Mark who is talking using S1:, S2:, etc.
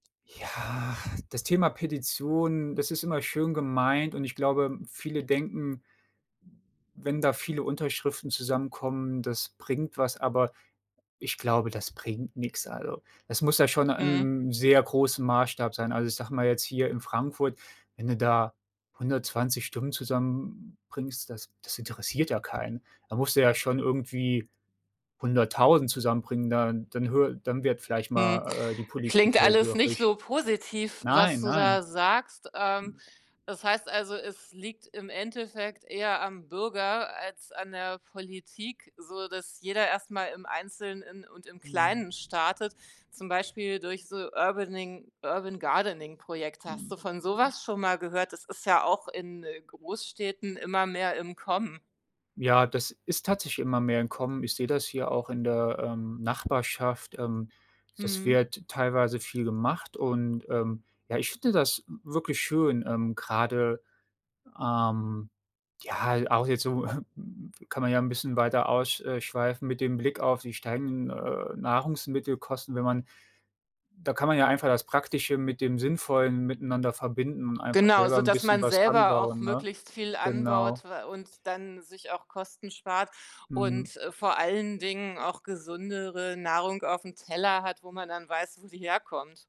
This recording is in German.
S1: Ja, das Thema Petition, das ist immer schön gemeint und ich glaube, viele denken, w wenn da viele Unterschriften zusammenkommen, das bringt was, aber ich glaube, das bringt nix. Also, das muss ja schon in
S2: Mhm.
S1: 'nem sehr großem Maßstab sein. Also, ich sage mal jetzt hier in Frankfurt, wenn du da 120 Stimmen zusammenbringst, das das interessiert ja keinen. Da musst du ja schon irgendwie 100.000 zusammenbringen, dann dann höre dann wird vielleicht
S2: Hm,
S1: mal, äh, die Politik
S2: klingt alles nicht
S1: hellhörig.
S2: so positiv, was
S1: Nein,
S2: du
S1: nein.
S2: da sagst. Ähm, das heißt also, es liegt im Endeffekt eher am Bürger als an der Politik, so dass jeder erst mal im Einzelnen und im
S1: Mhm.
S2: Kleinen startet, zum Beispiel durch so Urbaning Urban-Gardening-Projekte. Hast
S1: Mhm.
S2: du von so was schon mal gehört? Das ist ja auch in, äh, Großstädten immer mehr im Kommen.
S1: Ja, das ist tatsächlich immer mehr im Kommen. Ich sehe das hier auch in der, ähm, Nachbarschaft, ähm, das
S2: Mhm.
S1: wird teilweise viel gemacht und, ähm, ja, ich finde das w wirklich schön, ähm, grade, ähm, ja, auch jetzt so m m kann man ja 'n bisschen weiter aus äh, schweifen mit dem Blick auf die steigenden, äh, Nahrungsmittelkosten, wenn man da kann man ja einfach das Praktische mit dem Sinnvollen miteinander verbinden und einfach
S2: Genau,
S1: selber 'n
S2: sodass
S1: bisschen
S2: man
S1: was
S2: selber auch
S1: anbauen, ne?
S2: möglichst viel
S1: Genau.
S2: anbaut wa und dann sich auch Kosten spart
S1: Mhm.
S2: und, äh, vor allen Dingen auch gesündere Nahrung aufm Teller hat, wo man dann weiß, wo sie herkommt.